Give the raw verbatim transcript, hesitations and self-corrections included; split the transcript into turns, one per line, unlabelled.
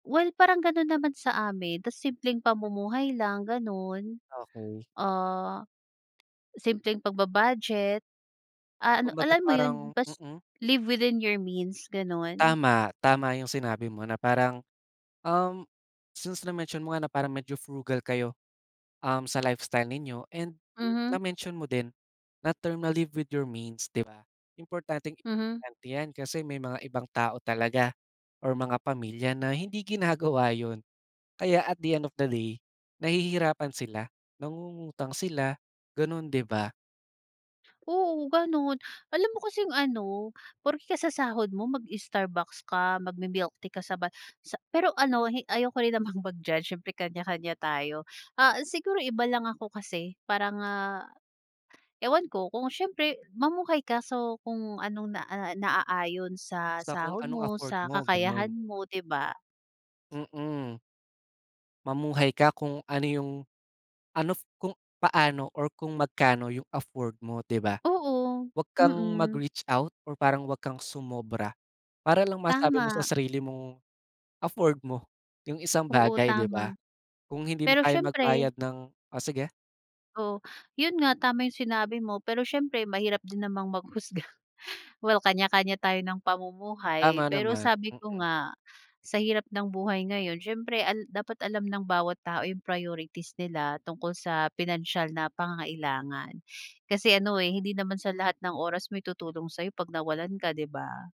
Well, parang ganun naman sa amin, ta's simpleng pamumuhay lang ganun.
Okey.
Ah, simpleng pagba-budget. Ah, ano,
'Kumbaga
alam mo yun?
parang
Bas
mm.
live within your means, gano'n.
Tama, tama yung sinabi mo na parang, um, since na-mention mo nga na parang medyo frugal kayo, um, sa lifestyle ninyo, and
Mhm.
na-mention mo din na term ma live with your means, 'di ba? Importanteng
Mhm.
tante yan, kasi may mga ibang tao talaga or mga pamilya na hindi ginagawa yun. Kaya at the end of the day nahihirapan sila, nangungutang sila, gano'n, 'di ba?
Oo ganun. Alam mo kasi yung ano, porke kakasahod mo mag-Starbucks ka, magmi-milktea ka sa ba sa pero ano hi ayoko rin namang mag-judge, syempre kanya-kanya tayo. Ah, siguro iba lang ako kasi, parang, ah, ewan ko kung, syempre mamuhay ka so kung anong na ah, naaayon sa
Sa kung
sahod
anong
mo,
afford
sa
mo,
kakayahan
ganun.
mo, 'di ba?
Mm. Mamuhay ka kung ano yung, anof, kung paano, or kung magkano yung afford mo, 'di ba?
Oo.
Huwag kang
Mm.
mag-reach out, or parang huwag kang sumobra. Para lang masabi mo sa
Tama.
sarili mong afford mo yung isang
Oo,
bagay, 'di
tama.
ba? Kung hindi mo
Pero
kayang
siyempre
magbayad ng o sige.
Oh. Yun nga, tama yung sinabi mo, pero siyempre mahirap din namang maghusga. Well, kanya-kanya tayo ng pamumuhay.
Tama
Pero
naman.
sabi ko
Mm.
nga sa hirap ng buhay ngayon siyempre al dapat alam ng bawat tao yung priorities nila tungkol sa pinansiyal na pangangailangan. Kasi ano, eh, hindi naman sa lahat ng oras may tutulong sa'yo 'pag nawalan ka, 'di ba?